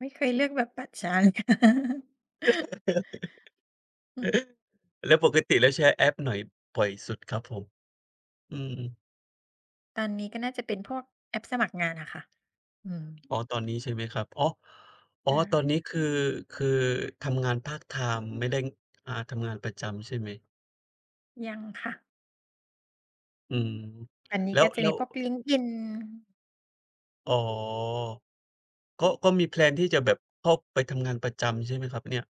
ไม่เคยเลือกแบบปัดชาน แล้วปกติแล้วแชร์แอปไหนปล่อยสุดครับผม? อืม ตอนนี้ก็น่าจะเป็นพวกแอปสมัครงานอะค่ะ อืม อ๋อ ตอนนี้ใช่ไหมครับ อ๋อ อใ๋ชอ ่คต่อนะ นี้คือ คือทำงานพาร์ตไทม์ไม่ได้ ง อ่า ทำงานประจำใช่ไหม? ยังค่ะ อืม อันนี้แล้ก็ว จะแลม้ีว พวก LinkedIn อ๋อ ก็ ก็มีแพลนที่จะแบบเข้าไปทำงานประจำใช่ไหมครับเนี่ย?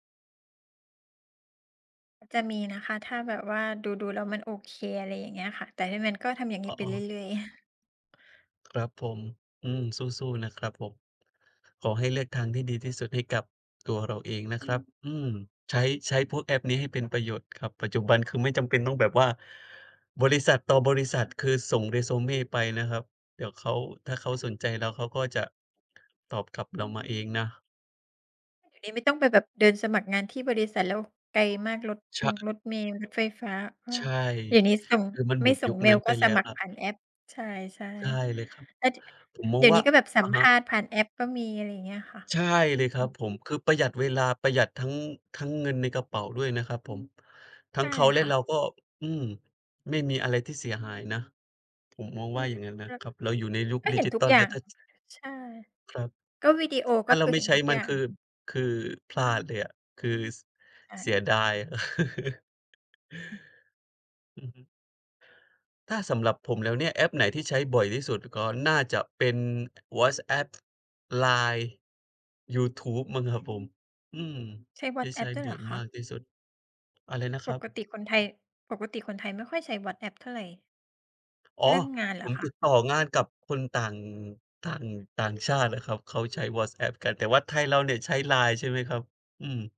จะมีนะคะ ถ้าแบบว่าดู ๆ แล้วมันโอเค อะไรอย่างเงี้ยค่ะ แต่ถ้ามันก็ทำอย่างนีอ ้ไปอ้เรอ ื่อย ๆ ครับผม อืม สู้ ๆ นะครับผม ขอให้เลือกทางที่ดีที่สุดให้กับตัวเราเองนะครับ อืม ใช้ ใช้พวกแอปนี้ให้เป็นประโยชน์ครับ ปัจจุบันคือไม่จำเป็นต้องแบบว่า บริษัทต่อบริษัท คือส่ง Resume ไปนะครับ เดี๋ยวเขา ถ้าเขาสนใจแล้วเขาก็จะ ตอบกลับเรามาเองนะ เดี๋ยวนี้ไม่ต้องไปแบบเดินสมัครงานที่บริษัทแล้วไกลมาก รถใชมง่ รถเมล์ รถไฟฟ้า เออ ใช่ เดี๋ยวนี้ส่ง คือมันไหมม่ดส่ยุงคเมนั้ลน์ไกป็แลส้วมัคครรัผบ ่านแอป ใช่ ใช่เลยครับ ๆ แล้วทีเนี้ย ผมมเอดีง๋ยววน่ีา ้ก็แบบอสัมะภฮะ าษณ์ผ่านแอปก็มีอะไรอย่างเงี้ยค่ะ ใช่เลยคอรืับอ ผม คือประหยัดเวลา ประหยัดทั้ง ทั้งเงินในกระเป๋าด้วยนะครับผม ทัใช้่งเขาและค่เราะ ก็ อืม ไม่มีอะไรที่เสียหายนะ ผมมองอืว่าม อย่างงั้นนแะล้ว ครับ เราอยู่ในยุคก็ดิเห็นจิทุทกัลอย่แาล้วง ถ้า ช ใช่ ครับ ก็วิดีโอ ถก้็าเคราือไมเ่ห็นใช้ทุกมอัยน่าคง ือ คือพลาดเลยอะ คือ ส ใชเสีย่ ดาย อือ อือฮึ ถ้าสำหรับผมแล้วเนี่ย แอปไหนที่ใช้บ่อยที่สุด ก็น่าจะเป็น WhatsApp, Line, ยูทูบมั้งครับผม อืม ใช้ ที่ใช้WhatsApp ด้วบยเ่อหรยอคมะ? ากที่สุด อะไรนะปครักบ? ติคนไทย ปกติคนไทยไม่ค่อยใช้ WhatsApp เท่าไร อ๋อ เรื่องงานเหรผอมคะ? ติดต่องานกับคนต่าง ต่าง ต่างชาติอะครับ เขาใช้ WhatsApp กัน แต่ว่าไทยเราเนี่ยใช้ Line ใช่ไหมครับ?